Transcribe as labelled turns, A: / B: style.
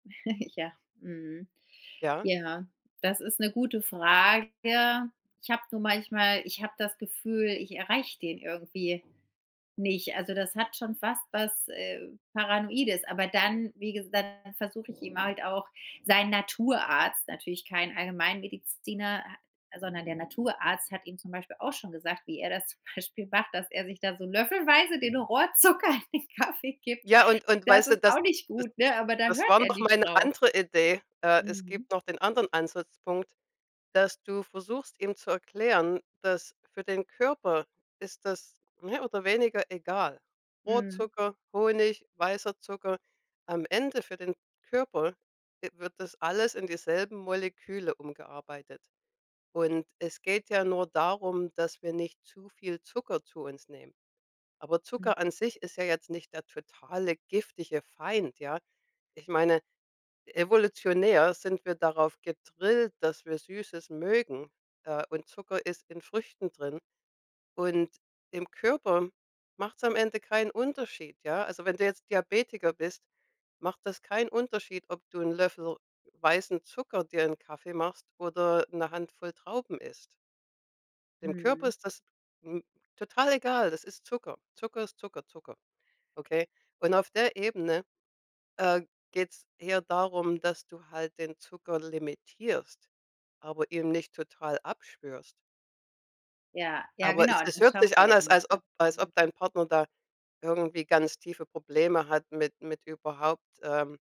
A: Ja, mhm.
B: Ja?
A: Ja, das ist 'ne gute Frage. Ich hab nur manchmal ich hab das Gefühl, ich erreich den irgendwie nicht. Also das hat schon fast was, äh, Paranoides, aber dann, wie gesa dann versuche ich ihm halt auch sein Naturarzt, natürlich kein Allgemeinmediziner, ha sondern der Naturarzt hat ihm zum Beispiel auch schon gesagt, wie er das zum Beispiel macht, dass er sich da so löffelweise den Rohrzucker in den Kaffee gibt.
B: Ja, und und
A: Das
B: weißt du,
A: ist
B: das
A: auch nicht gut, ne? Aber da
B: das
A: hört
B: war
A: er
B: noch
A: nicht
B: meine
A: drauf.
B: andere Idee. Äh, es
A: Mhm.
B: gibt noch den anderen Ansatzpunkt, dass du versuchst, ihm zu erklären, dass für den Körper ist das mehr oder weniger egal,
A: Mhm.
B: Rohrzucker, Honig, weißer Zucker. Am Ende für den Körper e wird das alles in dieselben Moleküle umgearbeitet. Und es geht ja nur darum, dass wir nicht zu viel Zucker zu uns nehmen. Aber
A: Mhm.
B: Zucker an sich ist ja jetzt nicht der totale giftige Feind, ja? Ich meine, evolutionär sind wir darauf gedrillt, dass wir Süßes mögen, äh, und Zucker ist in Früchten drin. Und im Körper macht's am Ende keinen Unterschied, ja? Also, wenn du jetzt Diabetiker bist, macht das keinen Unterschied, ob du 'n Löffel weißen Zucker dir in Kaffee machst oder 'ne Handvoll Trauben isst. Dem Körper
A: Mhm.
B: ist das, hm, total egal, das ist Zucker. Zucker ist Zucker Zucker. Okay? Und auf der Ebene, äh, geht's eher darum, dass du halt den Zucker limitierst, aber ihm nicht total abschwörst.
A: Ja. Ja,
B: Aber es
A: genau,
B: es
A: das
B: hört
A: schafft
B: sich
A: er
B: an,
A: ja
B: als als
A: nicht, ne?
B: ob als ob
A: Mhm.
B: dein Partner da irgendwie ganz tiefe Probleme hat mit mit überhaupt, ähm